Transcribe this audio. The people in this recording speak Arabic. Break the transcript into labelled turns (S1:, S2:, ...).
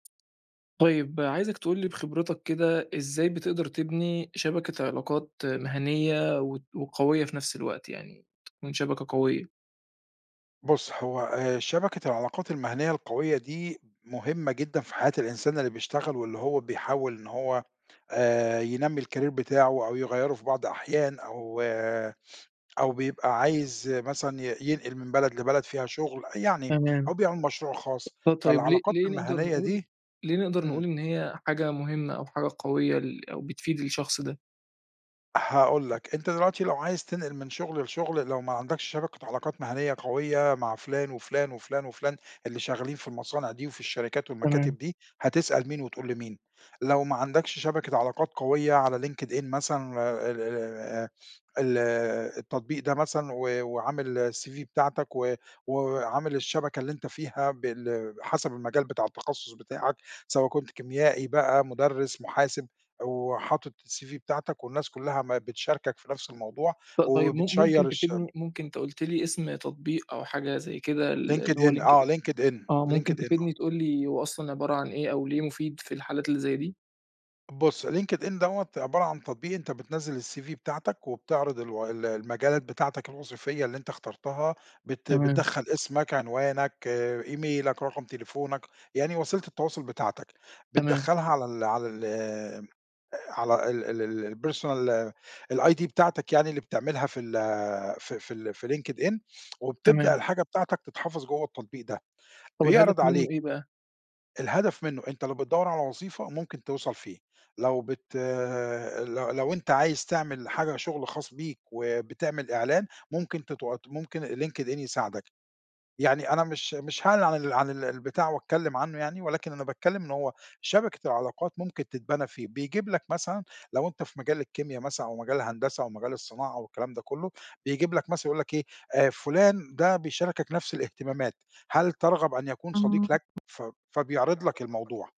S1: طيب عايزك تقول لي بخبرتك كده، إزاي بتقدر تبني شبكة علاقات مهنيّة وت وقوية في نفس الوقت يعني تكون شبكة قوية؟
S2: بُص هو آآ شبكة العلاقات المهنيّة القوية دي مهمة جدًا في حياة الإنسان اللي بيشتغل، واللي هو بيحاول إن هو آآ ينمّي الcareer بتاعه أو يغيّره في بعض أحيان أو أو بيبقى عايز مثلًا ي ينقل من بلد لبلد فيها شُغل، أ يعني أو
S1: تمام.
S2: بيعمل مشروع خاص،
S1: آه طيب ليه
S2: فالعلاقات
S1: ليه نقدر
S2: المهنيّة
S1: نقول
S2: دي
S1: ليه نقدر نقول
S2: إمم.
S1: إن هي حاجة مهمة أو حاجة قوية ل أو بتفيد الشخص ده؟
S2: هاقول لك، أنت دلوقتي لو عايز تنقل من شُغل لشُغل لو ما عندكش شبكة علاقات مهنيّة قوية مع فُلان وفُلان وفُلان وفُلان اللي شغالين في المصانع دي وفي الشركات والمكاتب
S1: تمام.
S2: دي هتسأل مين، وتقول لمين؟ لو ما عندكش شبكة علاقات قوية على Linked in مثلًا ال ال ال آآ ال التطبيق ده مثلًا و وعامل الCV بتاعتك و و وعامل الشبكة اللي أنت فيها بال حسب المجال بتاع التخصص بتاعك، سواء كنت كيميائي بقى، مدرس، محاسب أو حاطط الCV بتاعتك والناس كلّها ما بتشاركك في نفس الموضوع
S1: ط طيب م
S2: وبتشيَّر
S1: ممكن
S2: الشم
S1: تفيدني؟ ممكن أنت قُلت لي إسم تطبيق أو حاجة زي كده ال
S2: Linked
S1: اللي هو
S2: in
S1: Linked
S2: آه
S1: in
S2: Linked in
S1: آه ممكن
S2: ،Linked in آه.
S1: تفيدني تقول لي هو أصلًا عبارة عن إيه، أو ليه مفيد في الحالات اللي زي دي؟
S2: بُص، Linked in دَوّة عبارة عن تطبيق أنت بتنزّل الCV بتاعتك وبتعرض الو ال المجالات بتاعتك الوظيفية اللي أنت اخترتها، بت
S1: تمام.
S2: بتدخّل اسمك، عنوانك، إيميلك، رقم تليفونك، يعني وسيلة التواصل بتاعتك،
S1: تمام.
S2: بتدخّلها على ال على ال على ال ال ال الpersonal الID بتاعتك يعني اللي بتعملها في ال في في ال في Linked in وبتبدأ
S1: تمام.
S2: الحاجة بتاعتك تتحفظ جوّا التطبيق ده،
S1: طَب الهدف
S2: بيعرض عليك
S1: منُّه إيه بقى؟
S2: الهدف منُّه، أنت لو بتدوّر على وظيفة ممكن توصل فيه، لو بت ال لو لو أنت عايز تعمل حاجة شُغل خاص بيك، وبتعمل إعلان ممكن تتوات ممكن Linked in يساعدك، يعني أنا مش مش هاعلن عن ال عن ال البتاع وأتكلم عنّه يعني، ولكن أنا باتكلم إن هو شبكة العلاقات ممكن تتبنى فيه، بيجيب لك مثلًا لو أنت في مجال الكيميا مثلًا أو مجال الهندسة أو مجال الصناعة أو الكلام ده كلّه، بيجيب لك مثلًا يقول لك إيه، آآ، فُلان ده بيشاركك نفس الاهتمامات، هل ترغب أن يكون صديق لك؟ ف فبيعرض لك الموضوع.